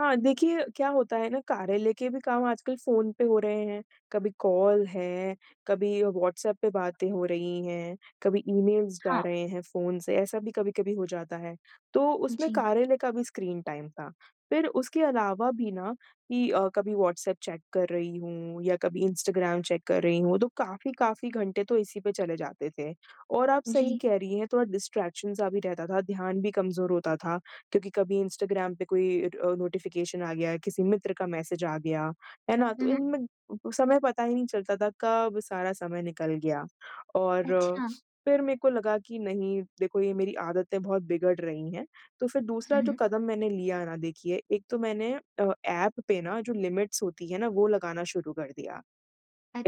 हाँ देखिए, क्या होता है ना, कार्यालय के भी काम आजकल फ़ोन पे हो रहे हैं। कभी कॉल है, कभी व्हाट्सएप पे बातें हो रही हैं, कभी ईमेल्स जा हाँ। रहे हैं फ़ोन से, ऐसा भी कभी-कभी हो जाता है। तो उसमें जी। कार्यालय का भी स्क्रीन टाइम था। फिर उसके अलावा भी ना कि अ, कभी व्हाट्सएप चेक कर रही हूँ या कभी इंस्टाग्राम चेक कर रही हूँ, तो काफ़ी, काफ़ी घंटे तो इसी पे चले जाते थे। और आप सही जी। कह रही हैं, थोड़ा डिस्ट्रैक्शन सा भी रहता था, ध्यान भी कमज़ोर होता था क्योंकि कभी इंस्टाग्राम पे कोई इट अ, नोटिफ़िकेशन आ गया, किसी मित्र का मैसेज आ गया, है ना? हुँ, तो हुँ। इनमें अ अ, समय पता ही नहीं चलता था, कब सारा समय निकल गया। और अच्छा। फिर मेरे को लगा कि, "नहीं, देखो ये मेरी आदतें बहुत बिगड़ रही हैं।" तो फिर दूसरा हुँ, जो हुँ। कदम मैंने लिया ना, देखिए एक तो मैंने अ, ऐप पे ना जो लिमिट्स होती हैं ना, वो लगाना शुरू कर दिया।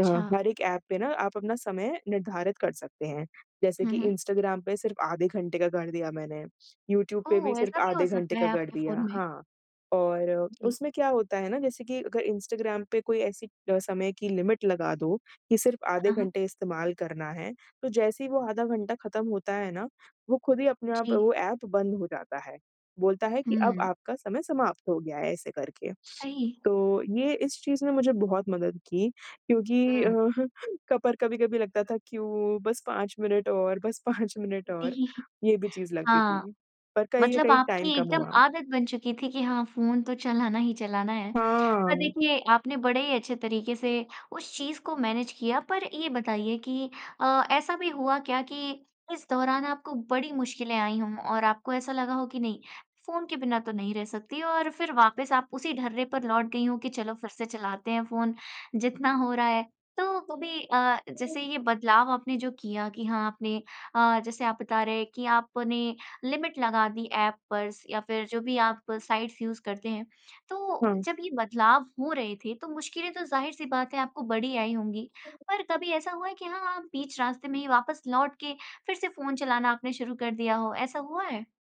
अ, हर एक ऐप पे ना आप अपना समय निर्धारित कर सकते हैं। जैसे हुँ, कि हुँ। इंस्टाग्राम पे सिर्फ़ आधे घंटे का कर दिया मैंने। यूट्यूब पे भी ओह! सिर्फ़ ऐसा भी हो आधे घंटे सकता है का कर आपके दिया फ़ोन में? हाँ। और जी। उसमें क्या होता है ना जैसे कि अगर इंस्टाग्राम पे कोई ऐसी अ, समय की लिमिट लगा दो कि सिर्फ़ आधे हाँ, हाँ। घंटे इस्तेमाल करना है। तो जैसे ही वो आधा घंटा खत्म होता है ना, वो खुद ही अपने आप जी। वो ऐप बंद हो जाता है। बोलता है कि, "अब हुँ। आपका समय समाप्त हो गया है।" ऐसे करके। सही है। तो ये इस चीज़ ने मुझे बहुत मदद की क्योंकि अ, हुँ। क पर कभी-कभी लगता था, "क्यूँ? बस 5 मिनट और बस 5 मिनट और।" ये भी चीज़ लगती हाँ। थी। पर कहीं न मतलब कहीं टाइम आपकी कम एकदम हुआ। आदत बन चुकी थी कि हाँ, फ़ोन तो चलाना ही चलाना है। पर हाँ। देखिए, आपने बड़े ही अच्छे तरीके से उस चीज़ को मैनेज किया। पर ये बताइए कि अ, ऐसा भी हुआ क्या कि इस दौरान आपको बड़ी मुश्किलें आई हों और आपको ऐसा लगा हो कि, "नहीं, फ़ोन के बिना तो नहीं रह सकती।" और फिर वापस आप उसी ढर्रे पर लौट गई हों कि, "चलो, फिर से चलाते हैं फ़ोन, जितना हो रहा है।" तो वो भी अ, जैसे हुँ। ये बदलाव आपने जो किया कि हाँ आपने अ, जैसे आप बता रहे हैं कि आपने लिमिट लगा दी ऐप पर स या फिर जो भी आप साइट्स यूज़ करते हैं। तो हाँ। जब ये बदलाव हो रहे थे, तो मुश्किलें तो ज़ाहिर सी बात है आपको बड़ी आई होंगी। पर कभी ऐसा हुआ है कि हाँ, आप बीच रास्ते में ही वापस लौट के फिर से फ़ोन चलाना आपने शुरू कर दिया हो? ऐसा हुआ है?